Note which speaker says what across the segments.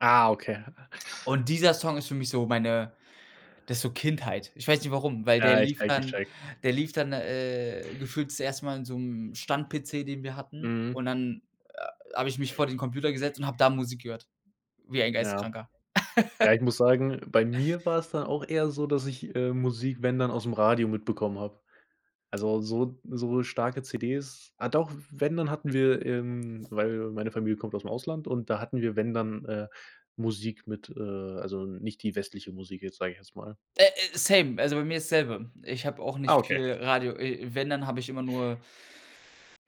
Speaker 1: Ah, okay.
Speaker 2: Und dieser Song ist für mich so meine das so Kindheit. Ich weiß nicht warum, weil der
Speaker 1: Ja, ich
Speaker 2: lief
Speaker 1: checke, ich
Speaker 2: dann
Speaker 1: checke.
Speaker 2: der lief dann, äh, gefühlt zuerst mal in so 'm Stand-PC, den wir hatten
Speaker 1: Mhm.
Speaker 2: und dann, äh, habe ich mich vor den Computer gesetzt und habe da Musik gehört wie ein
Speaker 1: Ja.
Speaker 2: Geisteskranker.
Speaker 1: Ja, ich muss sagen, bei mir war's dann auch eher so, dass ich, äh, Musik wenn dann aus'm Radio mitbekommen habe. Also, so so starke CDs ah doch, wenn dann hatten wir ähm, weil meine Familie kommt aus'm Ausland und da hatten wir wenn dann, äh, Musik mit, äh also, nicht die westliche Musik jetzt, sage ich jetzt mal.
Speaker 2: Äh äh, same. Also, bei mir ist's selbe. Ich habe auch
Speaker 1: Ah,
Speaker 2: nicht
Speaker 1: okay.
Speaker 2: viel Radio äh, wenn, dann habe ich immer nur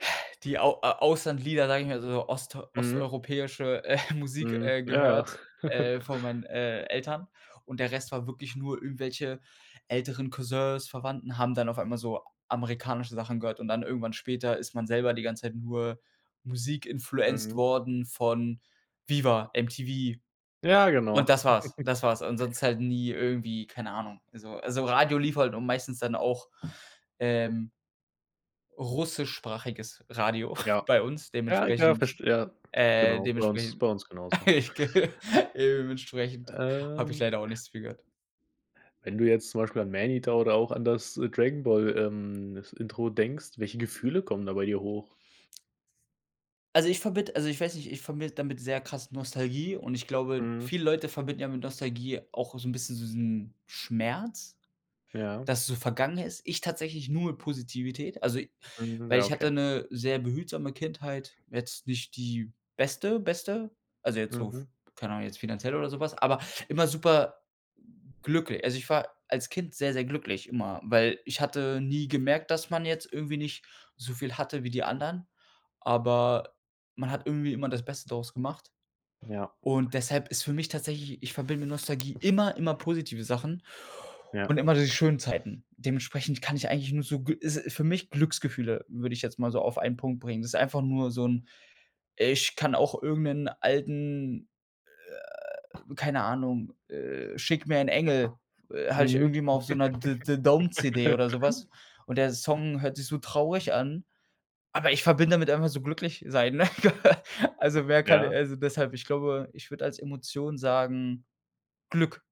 Speaker 2: die Au Auslandlieder, sage ich mal, so ost
Speaker 1: Mhm.
Speaker 2: osteuropäische, äh, Musik,
Speaker 1: Mhm,
Speaker 2: äh,
Speaker 1: ja, ja.
Speaker 2: gehört, äh, von meinen, äh, Eltern und der Rest war wirklich nur irgendwelche älteren Cousins, Verwandten haben dann auf einmal so amerikanische Sachen gehört und dann irgendwann später ist man selber die ganze Zeit nur Musik-influencet
Speaker 1: Mhm.
Speaker 2: worden von Viva, MTV
Speaker 1: Ja, genau.
Speaker 2: und das war's, das war's. Ansonsten halt nie irgendwie, keine Ahnung also also, Radio lief halt und meistens dann auch, ähm russischsprachiges Radio
Speaker 1: Ja.
Speaker 2: bei uns
Speaker 1: Ja, ich kann das
Speaker 2: dementsprechend,
Speaker 1: verst ja,
Speaker 2: äh
Speaker 1: genau. Bei uns
Speaker 2: dementsprechend Ja
Speaker 1: bei uns genauso.
Speaker 2: ich g dementsprechend habe ich
Speaker 1: Ähm,
Speaker 2: leider auch nicht so viel gehört.
Speaker 1: wenn du jetzt zum Beispiel an Maneater oder auch an das Dragon Ball, ähm das Intro denkst, welche Gefühle kommen da bei dir hoch?
Speaker 2: Also, ich verbinde also, ich weiß nicht, ich verbinde damit sehr krass Nostalgie und ich glaube,
Speaker 1: Mhm.
Speaker 2: viele Leute verbinden ja mit Nostalgie auch so 'n bisschen so diesen Schmerz,
Speaker 1: Ja.
Speaker 2: dass es so vergangen ist. Ich tatsächlich nur mit Positivität. Also, ich
Speaker 1: Mhm,
Speaker 2: weil
Speaker 1: ja,
Speaker 2: ich
Speaker 1: okay.
Speaker 2: hatte 'ne sehr behutsame Kindheit. Jetzt nicht die beste, beste, also, jetzt so f
Speaker 1: Mhm.
Speaker 2: keine Ahnung, jetzt finanziell oder so was, aber immer super glückli also, ich war als Kind sehr, sehr glücklich immer, weil ich hatte nie gemerkt, dass man jetzt irgendwie nicht so viel hatte wie die anderen, aber man hat irgendwie immer das Beste daraus gemacht.
Speaker 1: Ja.
Speaker 2: Und deshalb ist für mich tatsächlich ich verbinde mit Nostalgie immer immer positive Sachen
Speaker 1: Ja.
Speaker 2: und immer diese schönen Zeiten. Dementsprechend kann ich eigentlich nur so g ist für mich Glücksgefühle, würde ich jetzt mal so auf einen Punkt bringen. Das ist einfach nur so 'n ich kann auch irgend 'nen alten, äh keine Ahnung, äh, schick mir ein Engel, äh, hatte ich
Speaker 1: Mhm.
Speaker 2: irgendwie mal auf so 'ner The The-Dome-CD oder so was und der Song hört sich so traurig an, aber ich verbinde damit einfach so glücklich sein. Also, wer kann
Speaker 1: Ja.
Speaker 2: also, deshalb, ich glaube, ich würde als Emotion sagen Glück.